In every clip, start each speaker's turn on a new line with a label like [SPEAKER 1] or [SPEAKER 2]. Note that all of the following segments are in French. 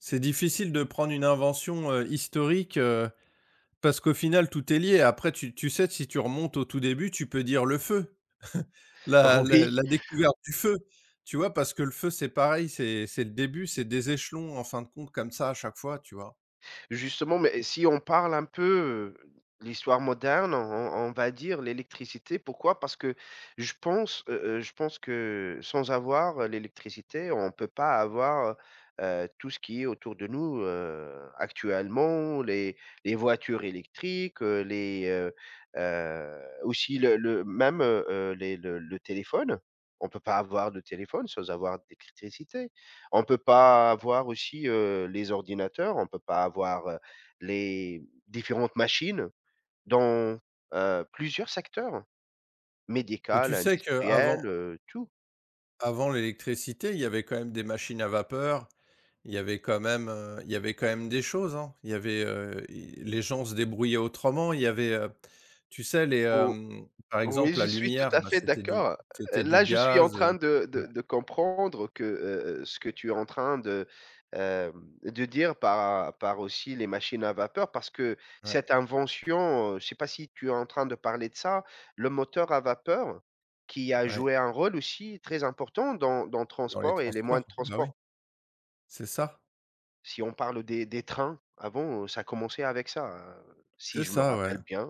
[SPEAKER 1] C'est difficile de prendre une invention, heu, historique, heu, parce qu'au final, tout est lié et après tu tu sais que si tu remontes au tout début, tu peux dire, le feu. La
[SPEAKER 2] Oh
[SPEAKER 1] la
[SPEAKER 2] oui.
[SPEAKER 1] la découverte du feu. Tu vois parce que le feu, c'est pareil, c'est c'est le début, c'est des échelons en fin de compte comme ça, à chaque fois, tu vois?
[SPEAKER 2] Justement mais si on parle un peu, heu, de l'histoire moderne, on on on va dire l'électricité. Pourquoi parce que je pense, heu heu, je pense que sans avoir, heu, l'électricité on peut pas avoir, heu heu, tout ce qui est autour de nous, heu, actuellement. Les les voitures électriques, heu, les, heu heu, aussi le le même, heu heu, les le le téléphone. On peut pas avoir de téléphone sans avoir d'électricité, on peut
[SPEAKER 1] Mmh.
[SPEAKER 2] pas avoir aussi, heu, les ordinateurs, on peut pas avoir, heu, les différentes machines dans, heu, plusieurs secteurs,
[SPEAKER 1] Et tu
[SPEAKER 2] médical,
[SPEAKER 1] sais
[SPEAKER 2] industriel,
[SPEAKER 1] qu'avant
[SPEAKER 2] heu, tout.
[SPEAKER 1] avant l'électricité, il y avait quand même des machines à vapeur, il y avait quand même, heu il y avait quand même des choses, hein. Il y avait, heu i les gens se débrouillaient autrement. Il y avait, heu, tu sais les
[SPEAKER 2] Ou
[SPEAKER 1] hem, par
[SPEAKER 2] oui
[SPEAKER 1] exemple
[SPEAKER 2] je
[SPEAKER 1] la
[SPEAKER 2] suis tout
[SPEAKER 1] lumière,
[SPEAKER 2] à
[SPEAKER 1] bah,
[SPEAKER 2] fait
[SPEAKER 1] c'était du
[SPEAKER 2] d'accord, heu,
[SPEAKER 1] c'était du
[SPEAKER 2] là je suis en
[SPEAKER 1] gaz, heu
[SPEAKER 2] train de de
[SPEAKER 1] ouais.
[SPEAKER 2] de comprendre que, heu heu, ce que tu es en train de, heu de dire par à par aussi les machines à vapeur. Parce que
[SPEAKER 1] Ouais.
[SPEAKER 2] cette invention, heu, je sais pas si tu es en train de parler de ça, le moteur à vapeur qui a
[SPEAKER 1] Ouais.
[SPEAKER 2] joué un rôle aussi très important dans dans le
[SPEAKER 1] Dans les
[SPEAKER 2] transport et les
[SPEAKER 1] transports,
[SPEAKER 2] moyens de
[SPEAKER 1] bah, oui.
[SPEAKER 2] transport
[SPEAKER 1] C'est ça.
[SPEAKER 2] si on parle, heu, des des trains, avant, heu, ça a commencé avec ça, si
[SPEAKER 1] C'est
[SPEAKER 2] je me
[SPEAKER 1] ça, ouais.
[SPEAKER 2] rappelle bien,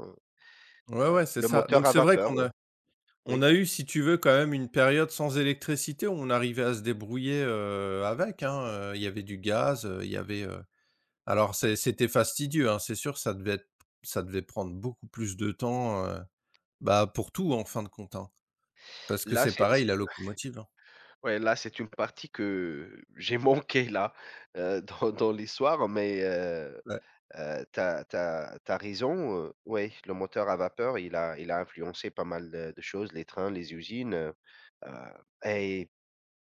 [SPEAKER 1] Ouais,
[SPEAKER 2] heu,
[SPEAKER 1] ouais, c'est
[SPEAKER 2] le
[SPEAKER 1] ça.
[SPEAKER 2] moteur
[SPEAKER 1] Donc
[SPEAKER 2] à
[SPEAKER 1] c'est vrai
[SPEAKER 2] vapeur,
[SPEAKER 1] qu'on a on
[SPEAKER 2] oui.
[SPEAKER 1] a eu si tu veux quand même une période sans électricité où on arrivait à se débrouiller, heu, avec, hein. Heu, il y avait du gaz, heu, il y avait, heu alors c'est c'était fastidieux hein, c'est sûr que ça devait être ça devait prendre beaucoup plus de temps, heu, bah, pour tout en fin de compte, hein. Parce que
[SPEAKER 2] Là
[SPEAKER 1] c'est
[SPEAKER 2] c'est
[SPEAKER 1] pareil
[SPEAKER 2] c'est
[SPEAKER 1] la locomotive, hein
[SPEAKER 2] ouais là c'est une partie que j'ai manquée là, heu, dans dans l'histoire. Mais heu
[SPEAKER 1] Ouais.
[SPEAKER 2] heu, tu as tu as tu as raison, heu, ouais le moteur à vapeur, il a il a influencé pas mal de de choses: les trains, les usines. Heu heu, et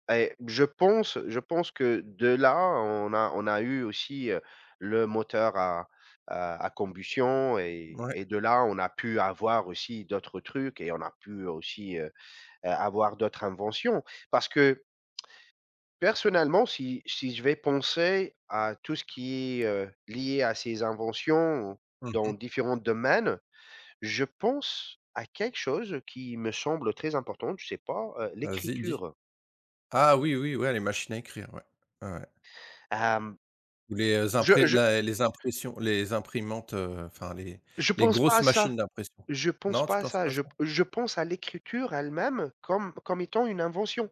[SPEAKER 2] et je pense je pense que de là on a on a eu aussi, heu, le moteur à à combustion et
[SPEAKER 1] Ouais.
[SPEAKER 2] et de là, on a pu avoir aussi d'autres trucs et on a pu aussi, heu heu, avoir d'autres inventions. Parce que personnellement si si je vais penser à tout ce qui est, heu, lié à ces inventions
[SPEAKER 1] Mmh
[SPEAKER 2] dans
[SPEAKER 1] mh.
[SPEAKER 2] différents domaines, je pense à quelque chose qui me semble très important, je sais pas, heu,
[SPEAKER 1] Vas-y, dis!
[SPEAKER 2] l'écriture.
[SPEAKER 1] Ah oui, oui, ouais, les machines à écrire, ouais, ouais, ouais.
[SPEAKER 2] Hem,
[SPEAKER 1] Ou les, heu,
[SPEAKER 2] je
[SPEAKER 1] impré
[SPEAKER 2] je
[SPEAKER 1] la et les impressions, les imprimantes, heu, enfin les
[SPEAKER 2] je
[SPEAKER 1] les
[SPEAKER 2] pense pas
[SPEAKER 1] grosses
[SPEAKER 2] à ça,
[SPEAKER 1] machines d'impression.
[SPEAKER 2] je pense
[SPEAKER 1] Non tu
[SPEAKER 2] pas à
[SPEAKER 1] penses
[SPEAKER 2] ça.
[SPEAKER 1] pas
[SPEAKER 2] Je p
[SPEAKER 1] ça?
[SPEAKER 2] je pense à l'écriture elle même, comme comme étant une invention.